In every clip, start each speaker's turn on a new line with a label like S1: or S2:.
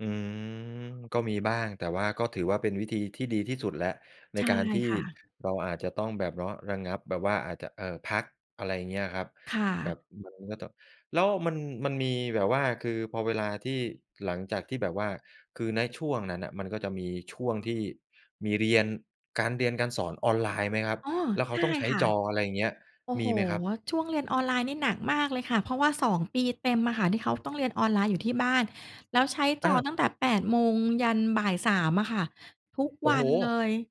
S1: อืม ก็มีบ้าง แต่ว่าก็ถือว่าเป็นวิธีที่ดีที่สุดแล้วใน
S2: ใช่
S1: การที่
S2: ค่ะ
S1: เราอาจจะต้องแบบ เนาะ ระงับ แบบว่าอาจจะ เอ่อ พัก อะไรอย่างเงี้ยอะครับ
S2: ค่
S1: แบ
S2: ะ
S1: บมันก็ ต แล้วมัน มันมีแบบว่า คือพอเวลาที่ หลังจากที่แบบว่า คือในช่วงนั้นน่ะ มันก็จะมีช่วงที่มีเรียน การเรียน การสอนออนไลน์ไหมครับ?
S2: อ๋อ
S1: แล้วเข
S2: ใช
S1: า
S2: ่
S1: ต้องใช้
S2: ค่ะ
S1: จอ อะไรเงี้ย
S2: โอ้
S1: ม
S2: โ
S1: ี
S2: ฮ
S1: ไหมครับ?
S2: ว ช่วงเรียนออนไลน์นี่หนักมากเลยค่ะ เพราะว่า 2 ปีเต็มอะค่ะ ที่เขาต้องเรียนออนไลน์อยู่ที่บ้าน แล้วใช้จ
S1: อ
S2: อ
S1: า
S2: ตั้งแต่ 8 โมงยันบ่าย 3 อะค่ะ ทุก
S1: โอ้
S2: วั
S1: โฮ!
S2: นเลย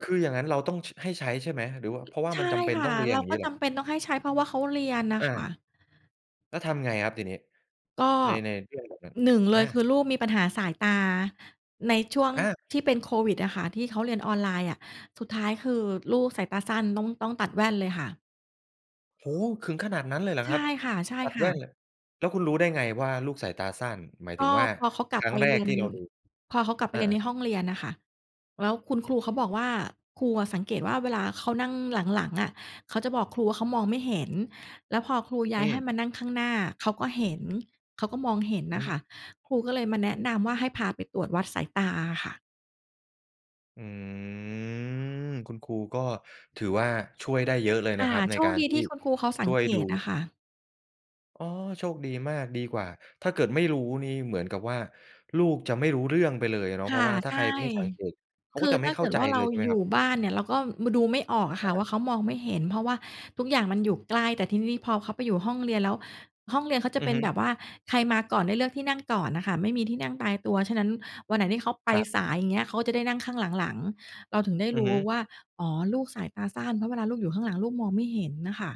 S1: คืออย่างนั้นเราต้อง ช ให้ใช้ใช่ไหม หรือว่า เพราะว่า
S2: ใช
S1: ม
S2: ่
S1: ันจำเป็น
S2: ค่ะ
S1: ต้องเรีย
S2: เร
S1: น
S2: า
S1: อย่าง
S2: ก
S1: ง
S2: ็
S1: ี้เห
S2: จ
S1: รอ?
S2: ำเป็นต้องให้ใช้ เพราะว่าเขาเรียนน่ะ
S1: อ
S2: ค่
S1: า
S2: ะ
S1: แล้วทำไงครับทีนี้
S2: ก็
S1: ใน ในเรื่องแบบนั้น?
S2: 1 เล
S1: อ
S2: ยคื
S1: า
S2: อลูกมีปัญหาสายตา ในช่วง
S1: อา
S2: ที่เป็นโควิดอะค่ะ ที่เขาเรียนออนไลน์อะ สุดท้ายคือลูกสายตาสั้น ต้อง ต้องตัดแว่นเลยค่ะ
S1: โอ้โฮ ถึงขนาดนั้นเลยเหรอ
S2: ใช
S1: คร
S2: ่
S1: ับ?
S2: ค
S1: ตัดแ
S2: ่
S1: ว
S2: ะ
S1: ่น
S2: ๆ
S1: แล้วคุณรู้ได้ไงว่าลูกสายตาสั้น? หมาย
S2: ก
S1: ถึ
S2: ็
S1: งว่า
S2: พอเขากล
S1: ค
S2: ับ
S1: รั้
S2: ไป
S1: งแร
S2: เร
S1: ก
S2: ียน
S1: ที่เราดู
S2: พอเขากลับไป
S1: อา
S2: เรียนใน
S1: ๆ
S2: ห้องเรียนน่ะค่ะ แล้วคุณครูเขาบอกว่า ครูอะสังเกตว่า เวลาเขานั่งหลัง ๆ อะ เขาจะบอกครูว่า เขามองไม่เห็น แล้วพอครูย้
S1: อ
S2: า
S1: ื
S2: ยให้
S1: ม
S2: มานั่งข้างหน้า เขาก็เห็น เขาก็มองเห็น
S1: อ
S2: น่
S1: ื
S2: ะค
S1: ม
S2: ่ะ ครูก็เลยมาแนะนำว่าให้พาไปตรวจวัดสายตาอะค่ะ
S1: อืม คุณครูก็ถือว่าช่วยได้เยอะเลย
S2: ค
S1: น
S2: ่
S1: ะ
S2: ะ
S1: ครับ ใน
S2: โช
S1: ก
S2: ค
S1: าร
S2: ดี
S1: ที
S2: ท
S1: ่
S2: ี่คุณครูเขาส
S1: ช
S2: ัง
S1: ่วย
S2: เก
S1: ดู
S2: ตอะค่ะ
S1: อ๋อ โชคดีมาก ดีกว่า ถ้าเกิดไม่รู้นี่เหมือนกับว่า ลูกจะไม่รู้เรื่องไปเลยเนาะ
S2: ค
S1: เพร
S2: ่
S1: า
S2: ะ
S1: ะว่าถ้
S2: ใ
S1: า
S2: ช
S1: ใ
S2: ่
S1: ครไม่สังเกตเขา
S2: ค
S1: ก็
S2: ือ
S1: จะ
S2: ถ
S1: ไม
S2: ้
S1: ่
S2: า
S1: เข
S2: เก
S1: ้า
S2: ิด
S1: ใจ
S2: ว่า เร
S1: เล
S2: า
S1: ย ใช่ไหม
S2: อย
S1: คร
S2: ู
S1: ับ?
S2: ่บ้านเนี่ยเราก็ ม ดูไม่ออกอะค
S1: อ
S2: ่ะว่า เ
S1: า
S2: ขามองไม่เห็น เพราะว่าทุกอย่างมันอยู่ใกล้ แต่ทีนี้พอเขาไปอยู่ห้องเรียนแล้ว ห้องเรียนเขาจะ
S1: อื
S2: เป
S1: อ
S2: ็น
S1: ฮึ
S2: แบบว่า ใครมาก่อนได้เลือกที่นั่งก่อนอะค่ะ ไม่มีที่นั่งตายตัว ฉะนั้นวันไหนที่เขาไป
S1: ครับ
S2: สาย อย่างเงี้ย เขาจะได้นั่งข้างหลัง ๆ เราถึงได้
S1: อ
S2: ร
S1: ือ
S2: ู้
S1: ฮึ
S2: ว่า อ๋อ ลูกสายตาสั้น เพราะเวลาลูกอยู่ข้างหลังลูกมองไม่เห็นน่ะค่ะ